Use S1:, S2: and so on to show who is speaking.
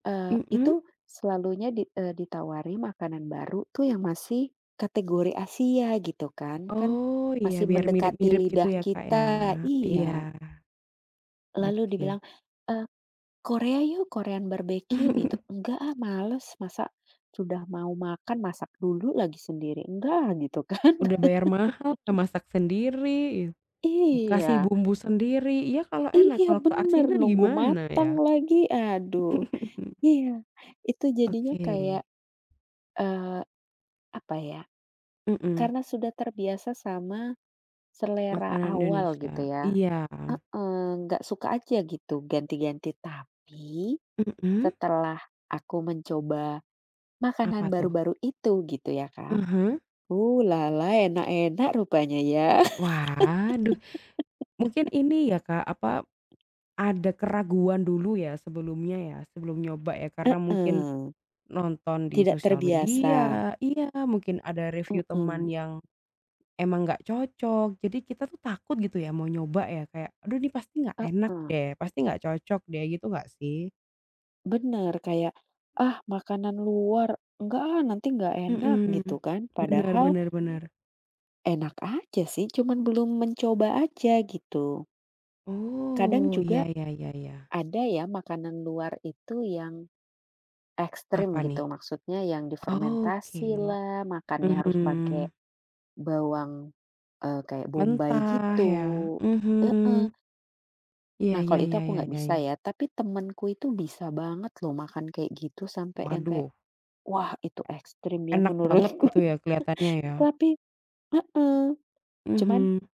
S1: Eee,
S2: Mhm.
S1: itu selalunya di, eee, ditawari makanan baru tuh yang masih, kategori Asia gitu kan kan
S2: Oh iya,
S1: masih
S2: biar
S1: mendekati
S2: mirip-mirip gitu
S1: lidah
S2: ya Kak ya.
S1: kita,
S2: Iya.
S1: iya. Lalu
S2: Oke.
S1: dibilang, eee, "Korea yuk, Korean Barbekyu" gitu, "enggak, ah, males masa sudah mau makan, masak dulu lagi sendiri enggak, ah," gitu kan.
S2: Udah bayar mahal, masak sendiri, kasih
S1: Iya.
S2: bumbu sendiri, iya kalo enak,
S1: Iya
S2: kalo
S1: benar,
S2: keasinan
S1: nunggu
S2: gimana
S1: mateng
S2: ya?
S1: lagi, aduh. Iya, itu jadinya kayak,
S2: Oke.
S1: eee, apa ya,
S2: Mhm.
S1: karena sudah terbiasa sama, selera
S2: Makanan
S1: awal gitu
S2: Indonesia,
S1: ya,
S2: iya.
S1: heeh, nggak suka aja gitu, ganti-ganti, tapi,
S2: Mhm.
S1: setelah aku mencoba,
S2: Apa
S1: makanan
S2: tuh?
S1: baru-baru itu gitu ya Kak,
S2: Aha.
S1: ulala, enak-enak rupanya ya.
S2: Wah aduh, mungkin ini ya Kak, apa, ada keraguan dulu ya sebelumnya ya, sebelum nyoba ya karena mungkin,
S1: Heeh.
S2: nonton di
S1: Tidak
S2: sosial
S1: terbiasa.
S2: media iya, mungkin ada review
S1: Mhm.
S2: teman yang, emang nggak cocok, jadi kita tuh takut gitu ya mau nyoba ya, kayak "Aduh ini pasti nggak enak
S1: Heeh.
S2: deh, pasti nggak cocok deh" gitu nggak sih?
S1: Benar, kayak "Ah, makanan luar, enggak, ah, nanti enggak enak"
S2: Mhm,
S1: gitu kan,
S2: benar
S1: padahal
S2: benar benar.
S1: enak aja sih cuman belum mencoba aja, gitu. Kadang
S2: Oh, iya
S1: juga,
S2: ya ya ya.
S1: ada ya makanan luar itu yang, ekstrim
S2: Apa nih?
S1: gitu, maksudnya yang
S2: Oke,
S1: difermentasi lah, makannya harus
S2: mhm.
S1: pake, bawang, eee, kayak bombai
S2: Mentah
S1: gitu,
S2: ya,
S1: heeh.
S2: mhm. Iya
S1: Nah kalau
S2: ya
S1: itu
S2: ya
S1: aku
S2: ya
S1: nggak
S2: ya
S1: bisa
S2: ya.
S1: ya. Tapi temanku itu bisa banget loh makan kayak gitu, sampai yang kayak,
S2: Waduh.
S1: wah itu ekstrim ya
S2: Enak banget
S1: menurutku.
S2: gitu ya, keliatannya ya.
S1: Tapi heeh, cuman
S2: Mhm.